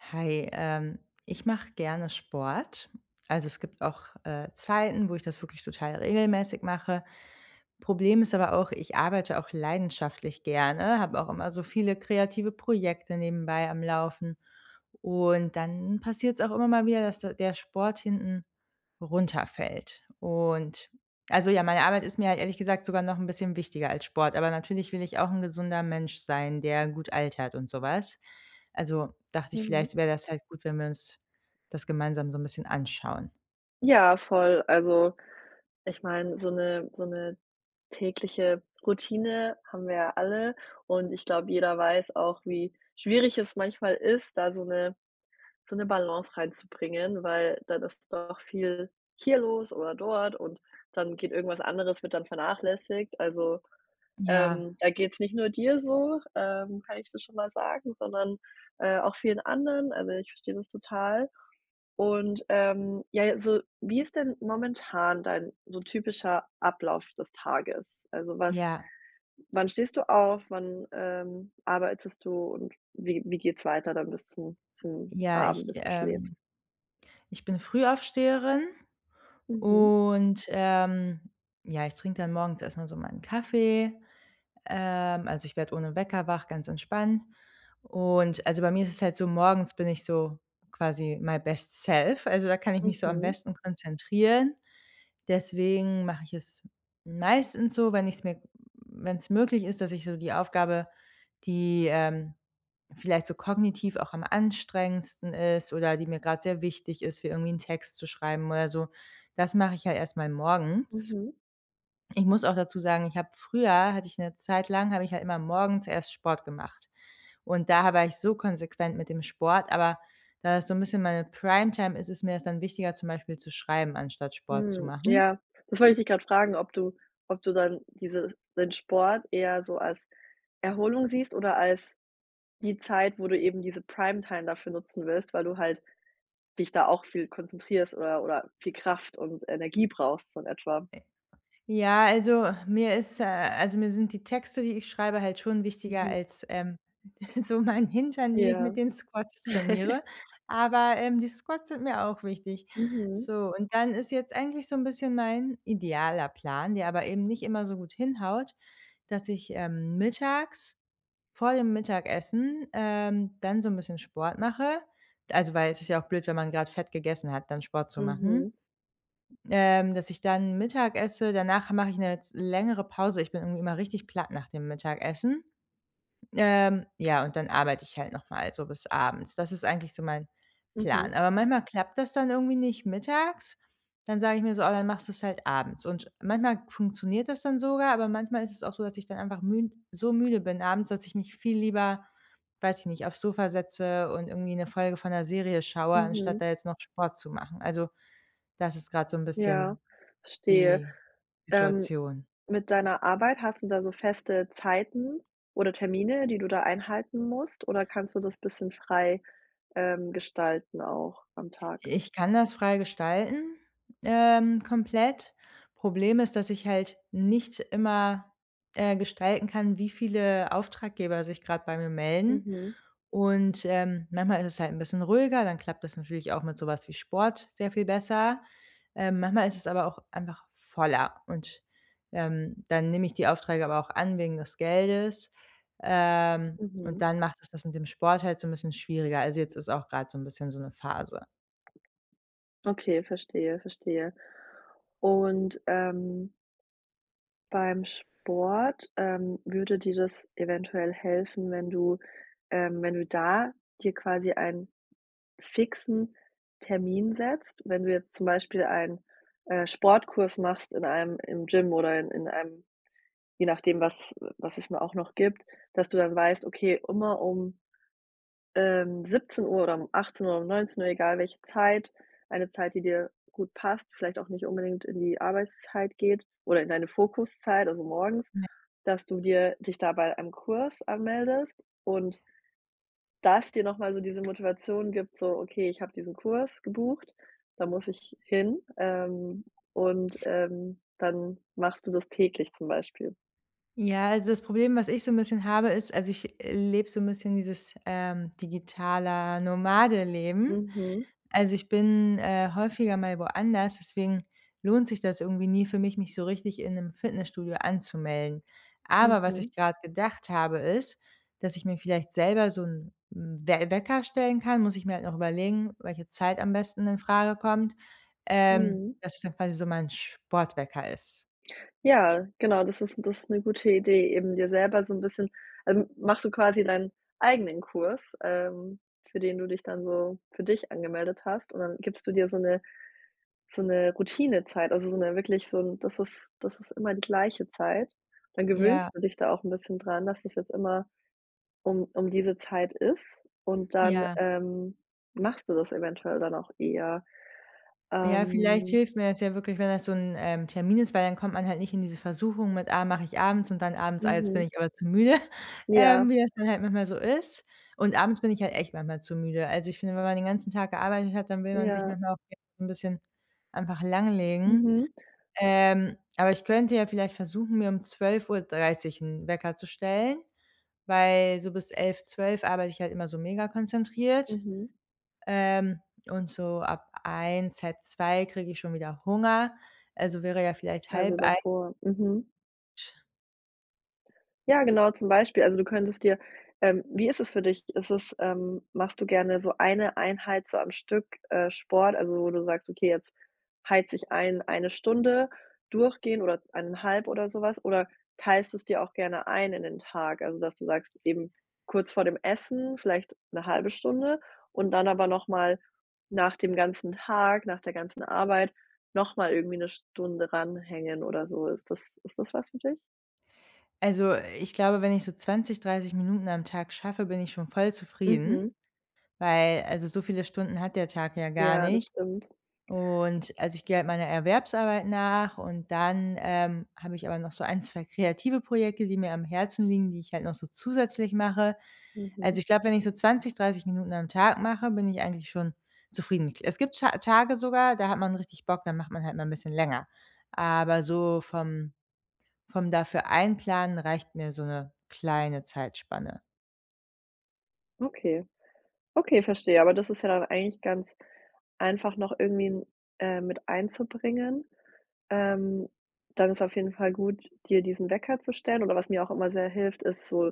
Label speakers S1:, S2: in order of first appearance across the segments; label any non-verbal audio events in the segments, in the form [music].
S1: Hi, ähm, ich mache gerne Sport. Also, es gibt auch, äh, Zeiten, wo ich das wirklich total regelmäßig mache. Problem ist aber auch, ich arbeite auch leidenschaftlich gerne, habe auch immer so viele kreative Projekte nebenbei am Laufen und dann passiert es auch immer mal wieder, dass der der Sport hinten runterfällt. Und, also, ja, meine Arbeit ist mir ehrlich gesagt sogar noch 'n bisschen wichtiger als Sport, aber natürlich will ich auch 'n gesunder Mensch sein, der gut altert und sowas. Also, dachte ich,
S2: Mhm.
S1: vielleicht wäre das halt gut, wenn wir uns das gemeinsam so' n bisschen anschauen.
S2: Ja, voll. Also, ich meine, so 'ne so 'ne tägliche Routine haben wir ja alle und ich glaube, jeder weiß auch, wie schwierig es manchmal ist da so 'ne so 'ne Balance reinzubringen, weil dann ist doch viel hier los oder dort und dann geht irgendwas anderes wird dann vernachlässigt. Also,
S1: Ja.
S2: ähm, da geht's nicht nur dir so, ähm, kann ich dir schon mal sagen, sondern, äh, auch vielen anderen. Also, ich verstehe das total. Und, ähm, ja, also wie ist denn momentan dein so typischer Ablauf das Tages? Also, was
S1: Ja.
S2: wann stehst du auf? Wann, ähm, arbeitest du und wie wie geht es weiter dann bis zum zum
S1: Ja, ich
S2: Abend, bis du schläfst?
S1: ähm, ich bin Frühaufsteherin
S2: Mhm.
S1: und, ähm, ja, ich trinke dann morgens erstmal so meinen Kaffee. Ähm, also, ich werde ohne Wecker wach, ganz entspannt. Und, also, bei mir ist es halt so, morgens bin ich so quasi my best self, also, da kann ich mich so am
S2: Mhm.
S1: besten konzentrieren. Deswegen mache ich es meistens so, wenn ich es mir w wenn es möglich ist, dass ich so die Aufgabe, die, ähm, vielleicht so kognitiv auch am anstrengendsten ist oder die mir grad sehr wichtig ist, wie irgendwie einen Text zu schreiben oder so. Das mache ich halt erstmal morgens.
S2: Mhm.
S1: Ich muss auch dazu sagen, ich habe früher hatte ich 'ne Zeit lang habe ich halt immer morgens erst Sport gemacht. Und daher war ich so konsequent mit dem Sport, aber da ist so 'n bisschen meine Primetime ist, ist mir das dann wichtiger, zum Beispiel zu schreiben, anstatt Sport zu
S2: Hm,
S1: machen.
S2: ja, das wollte ich dich gerade fragen, ob du ob du dann, diese den Sport eher so als Erholung siehst oder als die Zeit, wo du eben diese Primetime dafür nutzen willst, weil du halt dich da auch viel konzentrierst oder oder viel Kraft und Energie brauchst, so in etwa.
S1: Äh, ja, also, mir ist äh, also, mir sind die Texte, die ich schreibe halt schon wichtiger
S2: Mhm.
S1: als, ähm, [chuckles] so mein Hintern, den ich
S2: Ja.
S1: mit den Squats
S2: [chuckles]
S1: trainiere, aber, ähm, die Squats sind mir auch wichtig.
S2: Mhm.
S1: So und dann ist jetzt eigentlich so 'n bisschen mein idealer Plan, der aber eben nicht immer so gut hinhaut, dass ich, ähm, mittags, vor dem Mittagessen, ähm, dann so 'n bisschen Sport mache. Also, weil es ist ja auch blöd, wenn man gerade Fett gegessen hat, dann Sport zu
S2: Mhm.
S1: machen. Ähm, dass ich dann Mittag esse, danach mache ich 'ne z längere Pause. Ich bin irgendwie immer richtig platt nach dem Mittagessen. Ähm, ja, und dann arbeite ich halt nochmal so bis abends. Das ist eigentlich so mein
S2: Mhm.
S1: Plan. Aber manchmal klappt das dann irgendwie nicht mittags, dann sage ich mir so: „Ah, dann machst du es halt abends" und sch manchmal funktioniert das dann sogar, aber manchmal ist es auch so, dass ich dann einfach münd so müde bin abends, dass ich mich viel lieber, weiß ich nicht, aufs Sofa setze und irgendwie 'ne Folge von 'ner Serie schaue, anstatt
S2: Mhm.
S1: da jetzt noch Sport zu machen. Also, das ist gerade so 'n
S2: Ja,
S1: bisschen
S2: verstehe.
S1: die
S2: Dann,
S1: Situation.
S2: mit deiner Arbeit hast du da so feste Zeiten oder Termine, die du da einhalten musst, oder kannst du
S1: Ja.
S2: das bisschen frei, ähm, gestalten auch am Tag?
S1: I ich kann das frei gestalten, ähm, komplett. Problem ist, dass ich halt nicht immer, äh, gestalten kann, wie viele Auftraggeber sich gerade bei mir melden
S2: Mhm.
S1: und, ähm, manchmal ist es halt 'n bisschen ruhiger, dann klappt das natürlich auch mit sowas wie Sport sehr viel besser. Ähm, manchmal ist es aber auch einfach voller und, ähm, dann nehme ich die Aufträge aber auch an wegen des Geldes, ähm, und
S2: Mhm.
S1: dann macht es das mit dem Sport halt so 'n bisschen schwieriger. Also, jetzt ist auch gerade so 'n bisschen so 'ne Phase.
S2: Okay, verstehe, verstehe. Und ähm beim Sport, ähm, würde dir das eventuell helfen, wenn du, ähm wenn du da dir quasi einen fixen Termin setzt? Wenn du jetzt zum Beispiel einen, äh, Sportkurs machst in einem im Gym oder in in einem je nachdem, was was es nur auch noch gibt, dass du dann weißt, okay, immer um, ähm, 17 oder um 18 oder um 19, egal welche Zeit, eine Zeit, die dir gut passt, vielleicht auch nicht unbedingt in die Arbeitszeit geht oder in deine Fokuszeit, also morgens,
S1: [unintelligible]
S2: dass du dir dich da bei einem Kurs anmeldest und das dir nochmal so diese Motivation gibt, so: „Okay, ich habe diesen Kurs gebucht, da muss ich hin." Ähm, und, ähm, dann machst du das täglich, zum Beispiel.
S1: Ja, also das Problem, was ich so 'n bisschen habe, ist also ich lebe so 'n bisschen dieses, ähm, digitale Nomadenleben.
S2: Mhm.
S1: Also, ich bin, äh, häufiger mal woanders, deswegen lohnt sich das irgendwie nie für mich, mich so richtig in 'nem Fitnessstudio anzumelden. Aber was
S2: Mhm.
S1: ich gerade gedacht habe, ist, dass ich mir vielleicht selber so 'n 'n We Wecker stellen kann, muss ich mir halt noch überlegen, welche Zeit am besten in Frage kommt, ähm,
S2: Mhm.
S1: das es dann quasi so mein Sportwecker ist.
S2: Ja, genau, das ist das ist 'ne gute Idee, eben dir selber so 'n bisschen ähm, machst du quasi deinen eigenen Kurs, ähm, für den du dich dann so für dich angemeldet hast und dann gibst du dir so 'ne so 'ne Routinezeit. Also so 'ne wirklich so 'n das ist das ist immer die gleiche Zeit. Dann
S1: Ja.
S2: gewöhnst du dich da auch 'n bisschen daran, dass es jetzt immer um um diese Zeit ist. Und dann,
S1: Ja.
S2: ähm, machst du das eventuell dann auch eher.
S1: Ja, vielleicht
S2: Ähm.
S1: hilft mir das ja wirklich, wenn das so 'n, ähm, Termin ist, weil dann kommt man halt nicht in diese Versuchung mit: „Ah, mache ich abends,“ und dann abends: „Ah, jetzt bin
S2: Mhm.
S1: ich aber zu müde,“ [chuckles] ähm,
S2: Ja.
S1: wie das dann halt manchmal so ist. Und abends bin ich halt echt manchmal zu müde. Also, ich finde, wenn man den ganzen Tag gearbeitet hat, dann will man sich
S2: Ja.
S1: manchmal auch [unintelligible] so 'n bisschen einfach langlegen.
S2: Mhm.
S1: Ähm, aber ich könnte ja vielleicht versuchen, mir um 12:30 'n Wecker zu stellen, weil so bis 11, 12 arbeite ich halt immer so mega konzentriert.
S2: Mhm.
S1: Ähm, und so ab 1, 1:30 kriege ich schon wieder Hunger, also wäre ja vielleicht
S2: Also
S1: 12:30
S2: davor, mhm. Ja, genau, zum Beispiel. Also, du könntest dir ähm, wie ist es für dich? Ist es ähm, machst du gerne so eine Einheit so am Stück, äh, Sport, also wo du sagst: „Okay, jetzt heize ich ein eine Stunde durchgehend oder 1 1/2“ oder sowas, oder teilst du's dir auch gerne ein in den Tag? Also dass du sagst, eben kurz vor dem Essen, vielleicht 'ne halbe Stunde und dann aber nochmal nach dem ganzen Tag, nach der ganzen Arbeit nochmal irgendwie 'ne Stunde ran hängen oder so. Ist das ist das was für dich?
S1: Also, ich glaube, wenn ich so 20, 30 Minuten am Tag schaffe, bin ich schon voll zufrieden,
S2: Mhm.
S1: weil, also, so viele Stunden hat der Tag ja gar
S2: Ja, das
S1: nicht.
S2: stimmt.
S1: Und also, ich gehe halt meiner Erwerbsarbeit nach und dann, ähm, habe ich aber noch so ein, 2 kreative Projekte, die mir am Herzen liegen, die ich halt noch so zusätzlich mache. Also
S2: Mhm.
S1: ich glaube, wenn ich so 20, 30 Minuten am Tag mache, bin ich eigentlich schon zufrieden. Es gibt Ta Tage sogar, da hat man richtig Bock, da macht man halt mal 'n bisschen länger. Aber so vom vom dafür einplanen reicht mir so 'ne kleine Zeitspanne.
S2: Okay. Okay, verstehe, aber das ist ja dann eigentlich ganz einfach noch irgendwie, äh, mit einzubringen. Ähm, dann ist auf jeden Fall gut, dir diesen Wecker zu stellen oder was mir auch immer sehr hilft, ist so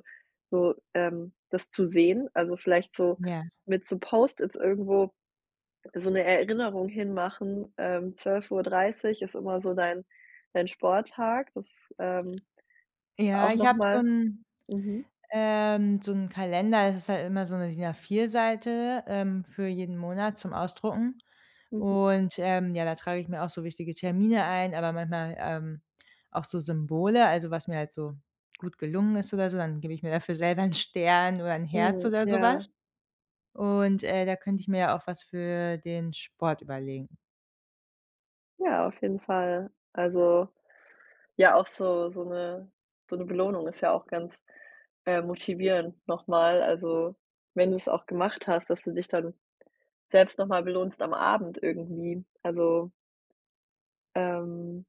S2: so ähm, das zu sehen, also, vielleicht so
S1: Ja.
S2: mit so Post-its irgendwo so 'ne Erinnerung hinmachen. Ähm, 12:30 Uhr ist immer so dein dein Sporttag, das ist, ähm,
S1: Ja,
S2: auch
S1: ich
S2: noch
S1: habe so
S2: mal
S1: 'n
S2: mhm.
S1: ähm, so 'n Kalender, ist halt immer so 'ne DIN A4 Seite, ähm, für jeden Monat zum Ausdrucken
S2: Mhm.
S1: und, ähm, ja, da trage ich mir auch so wichtige Termine ein, aber manchmal, ähm, auch so Symbole, also, was mir halt so gut gelungen ist oder so, dann gebe ich mir dafür selber 'n Stern oder 'n Herz
S2: Mhm,
S1: oder sowas.
S2: ja.
S1: Und, äh, da könnte ich mir ja auch was für den Sport überlegen.
S2: Ja, auf jeden Fall. Also, ja, auch so so 'ne so 'ne Belohnung ist ja auch ganz, äh, motivierend nochmal. Also, wenn du es auch gemacht hast, dass du dich dann selbst nochmal belohnst am Abend irgendwie. Also ähm,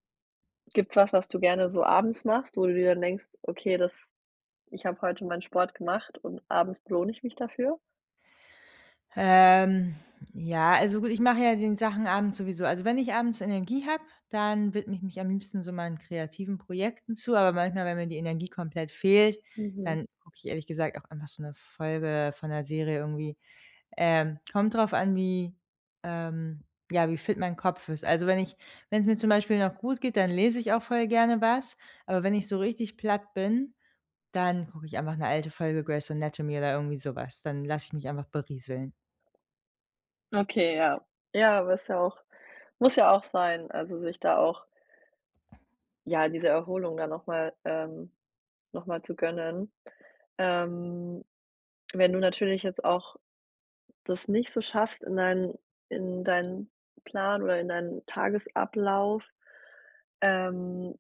S2: gibt's was, was du gerne so abends machst, wo du dir dann denkst: „Okay, das ich habe heute meinen Sport gemacht und abends belohne ich mich dafür"?
S1: Ähm, ja, also gut, ich mache ja die Sachen abends sowieso. Also wenn ich abends Energie habe, dann widme ich mich am liebsten so meinen kreativen Projekten zu, aber manchmal, wenn mir die Energie komplett fehlt,
S2: Mhm.
S1: dann gucke ich ehrlich gesagt auch einfach so 'ne Folge von 'ner Serie irgendwie. Ähm, kommt drauf an, wie ähm, ja, wie fit mein Kopf ist. Also wenn ich wenn's mir zum Beispiel noch gut geht, dann lese ich auch voll gerne was, aber wenn ich so richtig platt bin, dann gucke ich einfach 'ne alte Folge Grey's Anatomy oder irgendwie sowas. Dann lasse ich mich einfach berieseln.
S2: Okay, ja. Ja, aber ist ja auch muss ja auch sein, also sich da auch ja, diese Erholung dann nochmal ähm, nochmal zu gönnen. Ähm, wenn du natürlich jetzt auch das nicht so schaffst in dein in deinen Plan oder in deinen Tagesablauf, ähm,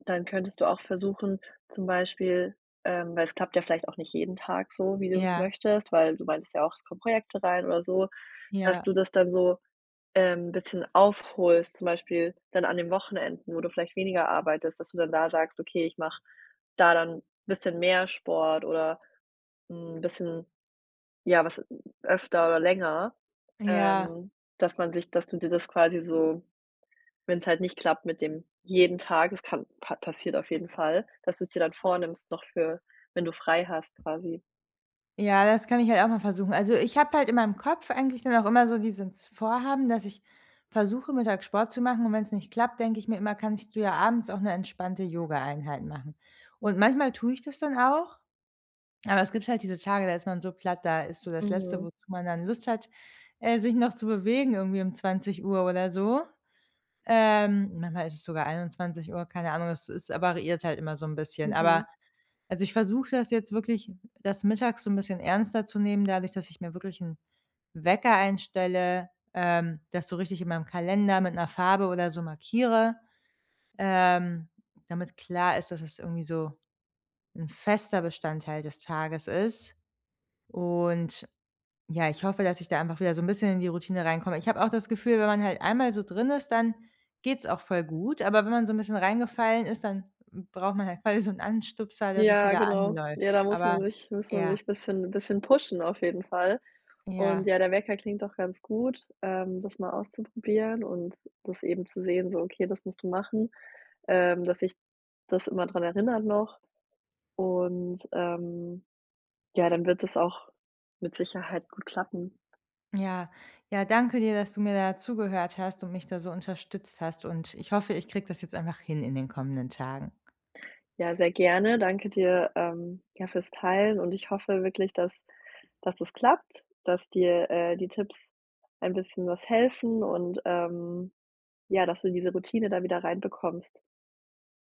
S2: dann könntest du auch versuchen, zum Beispiel ähm, weil es klappt ja vielleicht auch nicht jeden Tag so, wie du es
S1: Ja.
S2: möchtest, weil du meintest ja auch, es kommen Projekte rein oder so, dass du
S1: Ja.
S2: das dann so, ähm, bisschen aufholst, zum Beispiel dann an den Wochenenden, wo du vielleicht weniger arbeitest, dass du dann da sagst: „Okay, ich mache da dann bisschen mehr Sport oder 'n bisschen ja, was öfter oder länger.“
S1: Ja.
S2: Ähm, dass man sich dass du dir das quasi so, wenn's halt nicht klappt mit dem jeden Tag es kann pa passiert auf jeden Fall, dass du es dir dann vornimmst noch für wenn du frei hast quasi.
S1: Ja, das kann ich halt auch mal versuchen. Also ich habe halt in meinem Kopf eigentlich dann auch immer so dieses Vorhaben, dass ich versuche, mittags Sport zu machen, und wenn's nicht klappt, denke ich mir immer, kannst du ja abends auch 'ne entspannte Yoga-Einheit machen. Und manchmal tue ich das dann auch. Aber es gibt halt diese Tage, da ist man so platt, da ist so das letzte,
S2: Mhm.
S1: wozu man dann Lust hat, äh, sich noch zu bewegen irgendwie um 20:00 oder so. Ähm, manchmal ist es sogar 21:00, keine Ahnung, es ist variiert halt immer so 'n bisschen, aber
S2: Mhm.
S1: also ich versuche das jetzt wirklich, das mittags so 'n bisschen ernster zu nehmen, dadurch, dass ich mir wirklich 'n Wecker einstelle, ähm, das so richtig in meinem Kalender mit 'ner Farbe oder so markiere, ähm, damit klar ist, dass es irgendwie so 'n fester Bestandteil des Tages ist und, ja, ich hoffe, dass ich da einfach wieder so 'n bisschen in die Routine reinkomme. Ich habe auch das Gefühl, wenn man halt einmal so drin ist, dann geht's auch voll gut, aber wenn man so 'n bisschen reingefallen ist, dann braucht man halt quasi so 'n Anstupser, dass es
S2: Ja,
S1: wieder
S2: genau. Ja,
S1: anläuft.
S2: da muss
S1: Aber
S2: man sich muss man
S1: ja.
S2: sich bisschen bisschen pushen auf jeden Fall. Und
S1: Ja.
S2: ja, der Wecker klingt doch ganz gut, ähm, das mal auszuprobieren und das eben zu sehen, so okay, das musst du machen, ähm, dass dich das immer daran erinnert noch und, ähm, ja, dann wird das auch mit Sicherheit gut klappen.
S1: Ja. Ja, danke dir, dass du mir da zugehört hast und mich da so unterstützt hast und ich hoffe, ich kriege das jetzt einfach hin in den kommenden Tagen.
S2: Ja, sehr gerne. Danke dir, ähm, ja, fürs Teilen und ich hoffe wirklich, dass dass das klappt, dass dir, äh, die Tipps ein bisschen was helfen und, ähm, ja, dass du diese Routine da wieder reinbekommst.